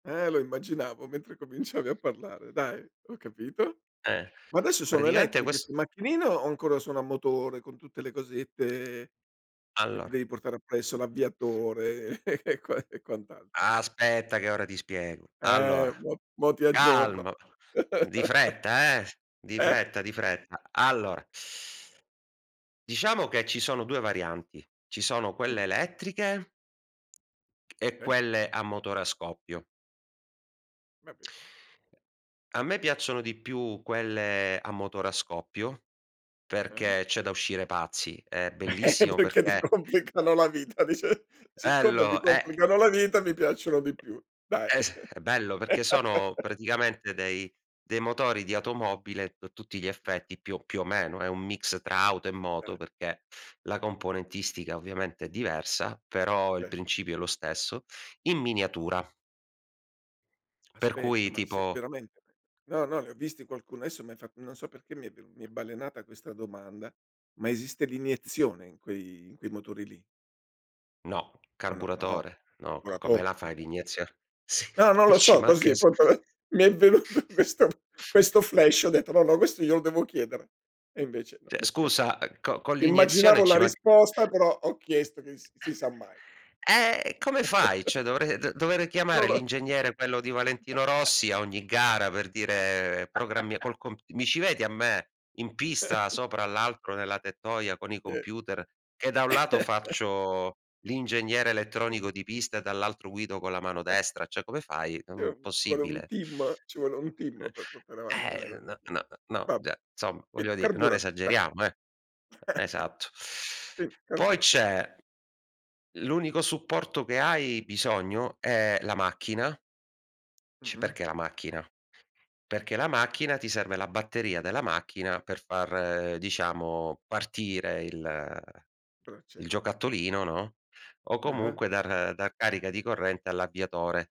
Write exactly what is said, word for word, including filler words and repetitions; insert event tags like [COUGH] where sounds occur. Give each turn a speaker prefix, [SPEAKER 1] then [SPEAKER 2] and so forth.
[SPEAKER 1] Eh lo immaginavo mentre cominciavi a parlare, dai, ho capito.
[SPEAKER 2] Eh,
[SPEAKER 1] Ma adesso sono
[SPEAKER 2] praticamente
[SPEAKER 1] elettriche
[SPEAKER 2] quest
[SPEAKER 1] 'ste macchinine o ancora sono a motore con tutte le cosette che ti
[SPEAKER 2] Allora
[SPEAKER 1] devi portare appresso? L'avviatore e e quan e quant'altro.
[SPEAKER 2] Aspetta, che ora ti spiego.
[SPEAKER 1] Eh
[SPEAKER 2] Allora,
[SPEAKER 1] mo mo ti aggiorno.
[SPEAKER 2] calmo, di
[SPEAKER 1] [CHUCKLES]
[SPEAKER 2] fretta eh, di
[SPEAKER 1] Eh?
[SPEAKER 2] fretta, di fretta. Allora. [SUCKS TEETH] Diciamo che ci sono due varianti, ci sono
[SPEAKER 1] Mh.
[SPEAKER 2] quelle elettriche e
[SPEAKER 1] Okay.
[SPEAKER 2] quelle a motore a scoppio.
[SPEAKER 1] Va bene.
[SPEAKER 2] A me piacciono di più quelle a motore a scoppio,
[SPEAKER 1] Eh.
[SPEAKER 2] perché c'è da uscire pazzi. È
[SPEAKER 1] [CHUCKLES]
[SPEAKER 2] bellissimo
[SPEAKER 1] Perché ti
[SPEAKER 2] perché
[SPEAKER 1] complicano la vita dici, siccome mi
[SPEAKER 2] Bello, e
[SPEAKER 1] complicano la vita mi piacciono di più. Dai.
[SPEAKER 2] Es
[SPEAKER 1] [CHUCKLES]
[SPEAKER 2] è bello perché sono
[SPEAKER 1] [LAUGHS]
[SPEAKER 2] praticamente dei dei motori di automobile a tu tutti gli effetti, più più o meno, è un mix tra auto e moto,
[SPEAKER 1] Eh.
[SPEAKER 2] perché la componentistica ovviamente è diversa, però il
[SPEAKER 1] Vero.
[SPEAKER 2] principio è lo stesso, in miniatura. Per cui
[SPEAKER 1] Aspetta, ma se,
[SPEAKER 2] tipo
[SPEAKER 1] veramente no, no, li ho visti qualcuno. Adesso m'hai fatto, non so perché mi mi è balenata questa domanda. Ma esiste l'iniezione in quei in quei motori lì?
[SPEAKER 2] No.
[SPEAKER 1] O no? No,
[SPEAKER 2] Carburatore, no, co come
[SPEAKER 1] calcolatore,
[SPEAKER 2] la
[SPEAKER 1] ah,
[SPEAKER 2] fai
[SPEAKER 1] okay.
[SPEAKER 2] l'iniezio sì,
[SPEAKER 1] No, non lo
[SPEAKER 2] ci
[SPEAKER 1] so,
[SPEAKER 2] manca
[SPEAKER 1] così
[SPEAKER 2] so
[SPEAKER 1] proprio, mi è venuto questo questo
[SPEAKER 2] [CHUCKLES]
[SPEAKER 1] flash. Ho detto, no, no, questo glielo devo chiedere. E invece no,
[SPEAKER 2] Cioè
[SPEAKER 1] mi em
[SPEAKER 2] scusa, co con l'iniezione
[SPEAKER 1] Immaginavo
[SPEAKER 2] ci
[SPEAKER 1] la
[SPEAKER 2] man
[SPEAKER 1] risposta però ho chiesto che s si sa mai.
[SPEAKER 2] Eh, come fai?
[SPEAKER 1] [CHUCKLES]
[SPEAKER 2] Cioè dovrei dover d
[SPEAKER 1] Non
[SPEAKER 2] chiamare
[SPEAKER 1] lo [CHUCKLES]
[SPEAKER 2] l'ingegnere, quello di Valentino Rossi, a
[SPEAKER 1] [CHUCKLES]
[SPEAKER 2] ogni gara per dire: "Programmi
[SPEAKER 1] [LAUGHS]
[SPEAKER 2] col comp" mi ci vedi a me, in pista,
[SPEAKER 1] [CHUCKLES]
[SPEAKER 2] sopra l'arco nella tettoia con i
[SPEAKER 1] Sì.
[SPEAKER 2] computer che da un lato
[SPEAKER 1] [CHUCKLES]
[SPEAKER 2] faccio l'ingegnere elettronico di pista e dall'altro guido con la mano
[SPEAKER 1] [CHUCKLES]
[SPEAKER 2] destra? Cioè, come fai? È,
[SPEAKER 1] Sì,
[SPEAKER 2] mhmm,
[SPEAKER 1] ci vuole un
[SPEAKER 2] possibile.
[SPEAKER 1] team ci vuole un team per portare avanti una cosa
[SPEAKER 2] Eh
[SPEAKER 1] del
[SPEAKER 2] n
[SPEAKER 1] gene
[SPEAKER 2] n no,
[SPEAKER 1] vabbè.
[SPEAKER 2] ge zomma,
[SPEAKER 1] Qui
[SPEAKER 2] voglio dire, non
[SPEAKER 1] carburato dai.
[SPEAKER 2] esageriamo eh.
[SPEAKER 1] [CHUCKLES]
[SPEAKER 2] Esatto.
[SPEAKER 1] Sì
[SPEAKER 2] [SUCKS TEETH] Poi
[SPEAKER 1] carburatore.
[SPEAKER 2] c'è, l'unico supporto che hai bisogno è la macchina. Ci
[SPEAKER 1] Mh-mh.
[SPEAKER 2] perché la macchina? Perché la macchina ti serve la batteria della macchina per far, diciamo, partire il
[SPEAKER 1] Per
[SPEAKER 2] il
[SPEAKER 1] accendere, mh.
[SPEAKER 2] giocattolino, no, o
[SPEAKER 1] Ah-ah.
[SPEAKER 2] comunque dar dar carica di corrente all'avviatore.